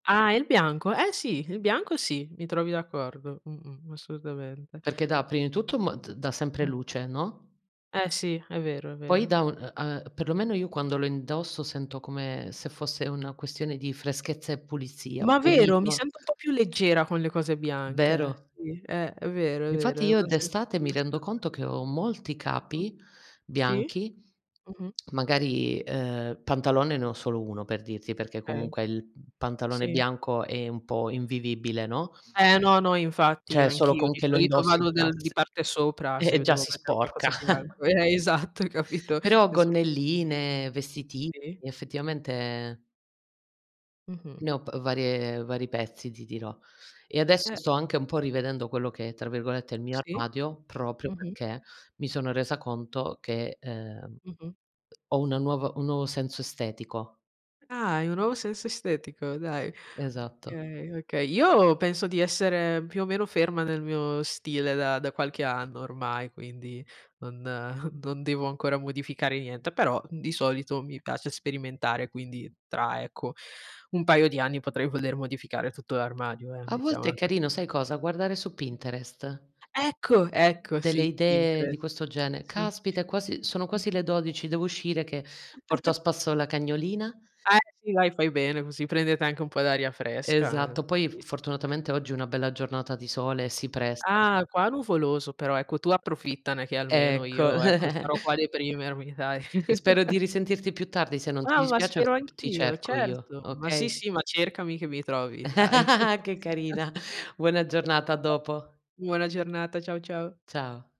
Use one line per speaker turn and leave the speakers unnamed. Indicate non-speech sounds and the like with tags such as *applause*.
Ah, il bianco? Eh sì, il bianco sì, mi trovi d'accordo, mh-mh, assolutamente.
Perché dà, prima di tutto mot dà sempre
Mh-mh.
luce, no?
Eh sì, è vero, è
Poi
vero.
dà un u uhm, perlomeno io quando lo indosso sento come, se fosse una questione di freschezza e pulizia,
Ma vero, mi
pulito
sento un po' più leggera con le cose bianche.
Vero?
Sì, eh è vero, è vero,
Infatti
è
io
una sensazione
d'estate, mi rendo
*unintelligible*
conto che ho molti
*unintelligible*
capi,
Sì.
bianchi,
Mh-mh.
magari, uhm, pantalone, ne ho solo 1 per dirti, perché
Okay.
comunque, il pantalone
Sì.
bianco è un po' invivibile, no?
Eh no, no infatti
Cioè è solo
anch'io
con
di
che lo
solito
indossi,
vado
e già
del
s
di parte sopra,
e
se
e
mi
già
devo
si
mettere
sporca.
qualcosa bianco.
*chuckles*
Eh, esatto hai capito?
Però
E su
gonnelline, vestitini,
Sì.
effettivamente
Mh-mh.
ne ho pr varie vari pezzi, ti dirò. E adesso,
Eh.
sto anche un po' rivedendo quello che è, tra virgolette, "il mio
Sì.
armadio" proprio
Mh-mh.
perché, mi sono resa conto che, ehm,
Mh-mh.
ho una nuova un nuovo senso estetico.
Ah, hai un nuovo senso estetico, dai.
Esatto.
Okay, okay. Io, penso di essere più o meno ferma nel mio stile da da qualche anno ormai, quindi non *chuckles* non devo ancora modificare niente, però di solito mi piace sperimentare, quindi, tra ecco, un paio di anni potrei voler modificare tutto l'armadio, eh,
A volte
mettiamola
è
così.
carino, sai cosa? Guardare su Pinterest.
Ecco! Ecco,
Delle
sì,
idee, di
Pinterest.
questo genere
Sì.
Caspita! È quasi sono quasi
Mh-mh.
le 12:00, devo uscire che, porto a
*giggles*
spasso la cagnolina.
Eh, sì dai, fai bene, così prendete anche un po' d'aria fresca eh.
Esatto. Poi
Sì,
f
sì. *chuckles*
fortunatamente oggi è una bella giornata di sole, si pres
Ah, qua nuvoloso, però ecco tu approfittane che almeno
Ecco.
io, ecco, sarò qua a
*chuckles*
deprimermi, dai.
Spero di
*chuckles*
risentirti più tardi, se non ti
Ah, ma
dispiace,
spero
ti
anch'io,
cerco, io,
certo. Ma sì,
okay?
sì, ma cercami che mi trovi, dai.
*laughs*
*chuckles*
Che
*unintelligible*
carina. Buona giornata, a
*unintelligible*
dopo.
Buona giornata, ciao, ciao.
Ciao.